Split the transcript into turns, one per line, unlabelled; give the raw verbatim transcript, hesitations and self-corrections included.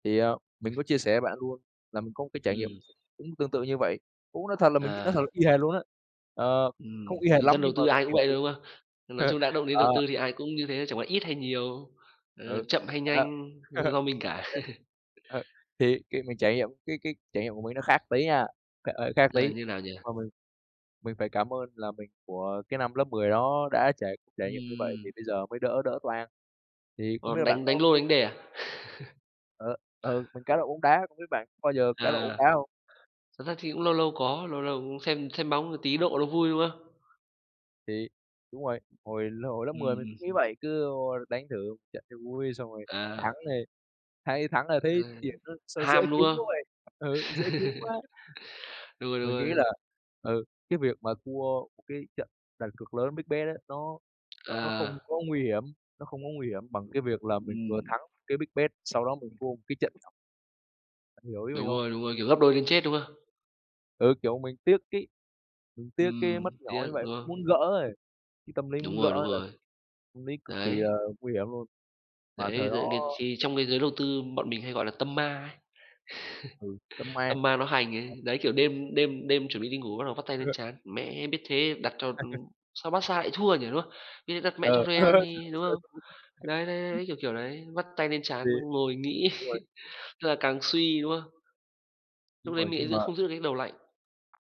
Thì, ờ, mình có chia sẻ với bạn luôn là mình có một cái trải nghiệm
Ừm.
cũng tương tự như vậy, cũng nói thật là mình nói thật là
À.
y hệt luôn á, ờ,
Ừm,
không y hệt
thì
lắm
dân đầu
nhưng mà
tư
cái
ai cũng
kiểu
vậy
như
thôi, đúng
vậy.
không? Nói chung đã động đến đầu
Ờ.
tư thì ai cũng như thế, chẳng qua ít hay nhiều, ờ,
Ừ.
chậm hay
Đó.
nhanh, do mình cả.
Ơ, ơ, thì khi mình trải nghiệm cái cái trải nghiệm của mình nó khác tí nha, trời ơi, khác
Ờ,
tí,
như nào nhỉ?
mà mình mình phải cảm ơn là mình của cái năm lớp mười đó đã trải trải nghiệm như vậy thì
Ừm.
bây giờ mới đỡ đỡ toang, thì không
Ờ,
biết là bạn
đánh
có
đánh lô,
có
đánh đề à?
Ờ, ừ, mình cá độ bóng đá, không biết bạn có bao giờ cá độ bóng
À.
đá hông?
Thật ra thì cũng lâu lâu có, lâu lâu cũng xem xem bóng tí độ nó vui, đúng không?
Thì đúng rồi, hồi hồi lớp mười
Ừm,
mình
ừm.
cũng nghĩ vậy, cứ vô đánh thử một trận cho vui xong rồi thắng
À.
thì hay thắng rồi
À,
thấy tiền nó sao dễ
ham, đúng
kiếm quá
không?
vậy, ừ, dễ kiếm quá.
Đúng rồi, đúng
Mình nghĩ là,
rồi.
ừ, cái việc mà thua một cái trận đặt cược lớn, big bet ấy, nó nó không
À.
có nguy hiểm, nó không có nguy hiểm bằng cái việc là mình vừa
Ừm.
thắng một cái big bet sau đó mình thua một cái trận nhỏ. Bạn hiểu ý mình
Đúng
hông?
rồi, đúng rồi, kiểu gấp đôi đến chết, đúng không?
Ừ, kiểu mình tiếc cái mình tiếc cái mất
Ừm,
nhỏ
tiếc,
như vậy,
đúng không?
muốn gỡ ấy, cái tâm lý
Đúng
muốn
rồi, đúng
gỡ là
rồi.
tâm lý cực kỳ là
Đấy.
nguy hiểm luôn, mà thời
Đấy,
đó
[unintelligible] thì trong cái giới đầu tư bọn mình hay gọi là tâm ma ấy,
Ừ, tâm ma.
tâm ma nó hành ấy,
[unintelligible]
đấy, kiểu đêm đêm đêm chuẩn bị đi ngủ bắt đầu vắt tay lên
[unintelligible]
trán: "Mẹ, biết thế đặt cho, ừm sao Barca lại thua nhỉ", đúng không? "Biết vậy đặt mẹ cho
Ừ.
Real đi, đúng không?" Đấy, đấy, đấy,
[unintelligible]
đấy, kiểu, kiểu đấy, vắt tay lên
Thì
trán ngồi nghĩ,
đúng rồi.
tức là càng suy, đúng không? Lúc
Đúng
đấy
rồi.
mình lại
Nhưng
giữ
mà
không giữ được cái đầu lạnh.